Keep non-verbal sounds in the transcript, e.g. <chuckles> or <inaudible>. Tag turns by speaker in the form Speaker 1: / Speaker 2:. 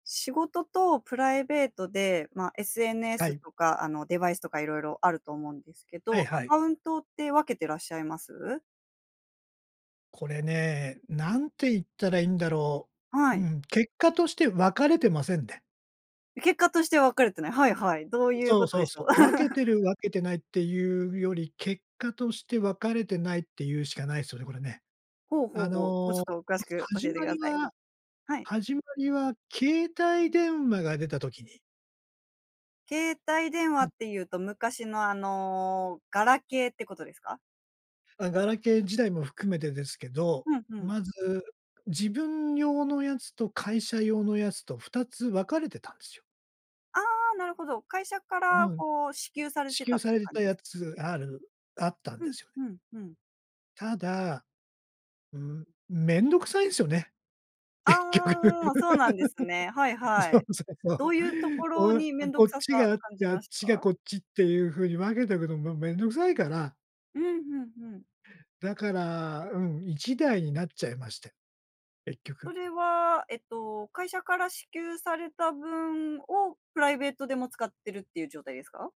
Speaker 1: 仕事とプライベートで、ま、
Speaker 2: は
Speaker 1: SNS
Speaker 2: い。
Speaker 1: とかあのデバイスとか、色々あると思うんですけ
Speaker 2: はい
Speaker 1: ど、ア
Speaker 2: はい。
Speaker 1: カウントって分けてらっしゃいます？
Speaker 2: これね、何て言ったらいいんだろ
Speaker 1: は
Speaker 2: う。う
Speaker 1: い。
Speaker 2: ん、結果として分かれてませんね。
Speaker 1: 結果としては分かれてない。はいはい、どういう
Speaker 2: そ
Speaker 1: こ
Speaker 2: う
Speaker 1: と
Speaker 2: そ
Speaker 1: で
Speaker 2: う
Speaker 1: しょう？
Speaker 2: そう。分けて
Speaker 1: <chuckles>
Speaker 2: る分けてないっていうより、結果として分かれてないって言うしかないすよね、これね。
Speaker 1: ほうほ
Speaker 2: あ
Speaker 1: うほう。もう
Speaker 2: の、
Speaker 1: ちょっと詳
Speaker 2: ま
Speaker 1: しく
Speaker 2: ず
Speaker 1: 教
Speaker 2: 始
Speaker 1: えてく
Speaker 2: ま
Speaker 1: だ
Speaker 2: り
Speaker 1: さい。
Speaker 2: は
Speaker 1: はい。
Speaker 2: 始まりは携帯電話が出た時に。
Speaker 1: 携帯電話
Speaker 2: は
Speaker 1: っ
Speaker 2: い。
Speaker 1: ていうと、昔のあの、ガラケーってことですか？
Speaker 2: あ、ガラケー時代も含めてですけど、
Speaker 1: うんふん。
Speaker 2: まず、自分用のやつと会社用のやつと、2つ分かれてたんですよ。
Speaker 1: ああ、なるほど。会社から
Speaker 2: うん。
Speaker 1: こう、支給され
Speaker 2: 支
Speaker 1: てた
Speaker 2: 給
Speaker 1: っ
Speaker 2: さ
Speaker 1: てい
Speaker 2: れ
Speaker 1: う
Speaker 2: て
Speaker 1: 感じ
Speaker 2: た
Speaker 1: で
Speaker 2: や
Speaker 1: すかね。
Speaker 2: つ、あるあったん
Speaker 1: う
Speaker 2: で
Speaker 1: ん、
Speaker 2: すよね。
Speaker 1: ふん、ふん。
Speaker 2: ただ、ん、面倒臭いんすよね。結局。
Speaker 1: ああ、そうなんですね。はい
Speaker 2: <laughs>
Speaker 1: は
Speaker 2: そう
Speaker 1: い。
Speaker 2: そうそ
Speaker 1: ど
Speaker 2: う。
Speaker 1: ういうところ
Speaker 2: こう
Speaker 1: に面倒
Speaker 2: こっ
Speaker 1: 臭
Speaker 2: ち
Speaker 1: さ
Speaker 2: があっ
Speaker 1: 感じ
Speaker 2: て、あっ
Speaker 1: ました
Speaker 2: ちが
Speaker 1: か？
Speaker 2: こっちっていう風に分けておくのがもう面倒くさいから。
Speaker 1: うん、ふんふん。
Speaker 2: だから、うん、1台になっちゃいまして、結
Speaker 1: そ
Speaker 2: 局。
Speaker 1: れは、えっと、会社から支給された分を、プライベートでも使ってるっていう状態ですか？